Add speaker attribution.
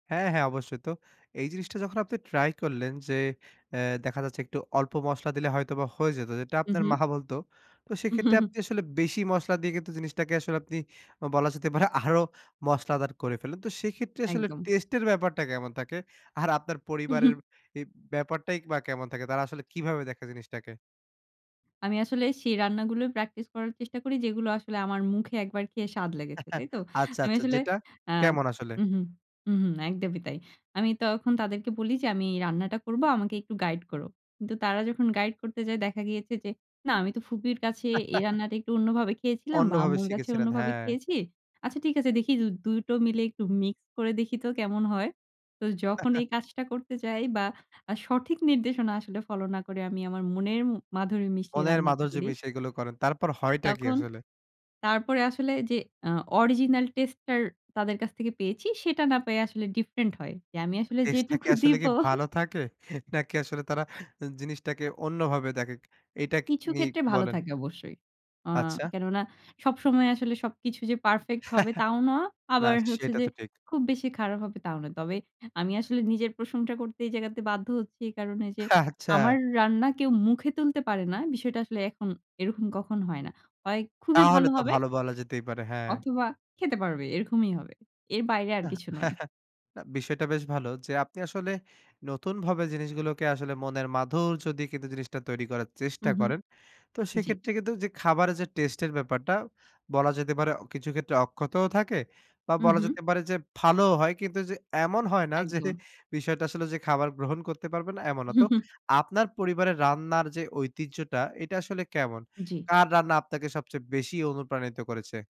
Speaker 1: হ্যাঁ, হ্যাঁ অবশ্যই তো। এই জিনিসটা যখন আপনি ট্রাই করলেন যে অ্যাঁ দেখা যাচ্ছে একটু অল্প মসলা দিলে হয়তোবা হয়ে যেত, যেটা
Speaker 2: হুম,
Speaker 1: আপনার
Speaker 2: হুম।
Speaker 1: মা বলত। তো সেক্ষেত্রে আপনি আসলে বেশি মসলা দিয়ে কিন্তু জিনিসটাকে আসলে আপনি বলা যেতে পারে আরো মশলাদার করে ফেললেন। তো সেইক্ষেত্রে আসলে
Speaker 2: একদম।
Speaker 1: টেস্ট এর ব্যাপারটা কেমন থাকে? আর আপনার পরিবারের ই ব্যাপারটাই বা কেমন থাকে তারা আসলে কিভাবে দেখে জিনিসটাকে?
Speaker 2: আমি আসলে সেই রান্নাগুলোই প্র্যাকটিস করার চেষ্টা করি যেগুলো আসলে আমার মুখে একবার খেয়ে স্বাদ লেগেছে। তাই তো?
Speaker 1: আচ্ছা,
Speaker 2: আমি
Speaker 1: আচ্ছা,
Speaker 2: আসলে
Speaker 1: যেটা?
Speaker 2: আ
Speaker 1: কেমন আসলে?
Speaker 2: হুম, হুম, হুম, হুম একদমই তাই। আমি তখন তাদেরকে বলি যে আমি রান্নাটা করব, আমাকে একটু গাইড করো। কিন্তু তারা যখন গাইড করতে যায় দেখা গিয়েছে যে, "না আমি তো ফুপির কাছে এই রান্নাটা একটু অন্যভাবে খেয়েছিলাম বা
Speaker 1: অন্যভাবে
Speaker 2: আম্মুর কাছে
Speaker 1: শিখেছিলেন,
Speaker 2: অন্যভাবে
Speaker 1: হ্যাঁ।
Speaker 2: খেয়েছি। আচ্ছা ঠিক আছে দেখি দ ২ টো মিলে একটু মিক্স করে দেখি তো কেমন হয়?" তো যখন এই কাজটা করতে যাই বা সঠিক নির্দেশনা আসলে ফলো না করে আমি আমার মনের ম মাধুরী মিশিয়ে
Speaker 1: মনের
Speaker 2: রান্নাটা
Speaker 1: মাধুর্য
Speaker 2: করি
Speaker 1: মিশিয়ে এগুলো করেন। তারপর হয়টা কি
Speaker 2: তখন,
Speaker 1: আসলে?
Speaker 2: তারপরে আসলে যে আ অরিজিনাল টেস্ট টার তাদের কাছ থেকে পেয়েছি সেটা না পায় আসলে ডিফরেন্ট হয়। যে আমি আসলে
Speaker 1: টেস্টটা কি
Speaker 2: যেটুকু
Speaker 1: আসলে
Speaker 2: দিব
Speaker 1: কি ভালো থাকে? নাকি আসলে তারা জিনিসটাকে অন্যভাবে দেখে? এইটা ক কে
Speaker 2: কিছু
Speaker 1: নিয়ে
Speaker 2: ক্ষেত্রে
Speaker 1: একটু
Speaker 2: ভালো
Speaker 1: বলেন।
Speaker 2: থাকে অবশ্যই। আ
Speaker 1: আচ্ছা।
Speaker 2: কেননা সবসময় আসলে সবকিছু যে পারফেক্ট হবে তাও না।
Speaker 1: না,
Speaker 2: আবার
Speaker 1: স
Speaker 2: হচ্ছে
Speaker 1: সেটা
Speaker 2: যে
Speaker 1: তো ঠিক।
Speaker 2: খুব বেশি খারাপ হবে তাও না। তবে আমি আসলে নিজের প্রশংসা করতে এই জায়গাতে বাধ্য হচ্ছি কারণ এই যে
Speaker 1: আচ্ছা।
Speaker 2: আমার র রান্না কেউ মুখে তুলতে পারে না। বিষয়টা আসলে এখন এরকম কখনো হয় না। হয় খুবই
Speaker 1: তাহলে
Speaker 2: ভালো
Speaker 1: তো
Speaker 2: হবে
Speaker 1: ভালো বলা যেতেই পারে, হ্যাঁ।
Speaker 2: অথবা খেতে পারবে এরকমই হবে। এর বাইরে আর
Speaker 1: না,
Speaker 2: কিছু নয়।
Speaker 1: না বিষয়টা বেশ ভালো যে আপনি আসলে নতুনভাবে জিনিসগুলোকে আসলে মনের মাধুর্য দিয়ে কিন্তু জিনিসটা তৈরি করার চেষ্টা
Speaker 2: হুম, হুম।
Speaker 1: করেন। তো
Speaker 2: জ্বি।
Speaker 1: সেক্ষেত্রে কিন্তু যে খাবারের যে টেস্ট এর ব্যাপারটা বলা যেতে পারে কিছু ক্ষেত্রে অক্ষতও থাকে বা
Speaker 2: হুম,
Speaker 1: বলা
Speaker 2: হুম।
Speaker 1: যেতে পারে যে ভালোও হয়, কিন্তু যে এমন হয় না যে
Speaker 2: একদম।
Speaker 1: বিষয়টা আসলে যে খাবার গ্রহণ করতে পারবে না, এমন না। তো আপনার পরিবারের রান্নার যে ঐতিহ্যটা এটা আসলে কেমন?
Speaker 2: জ্বী।
Speaker 1: কার রান্না আপনাকে সবচেয়ে বেশি অনুপ্রাণিত করেছে?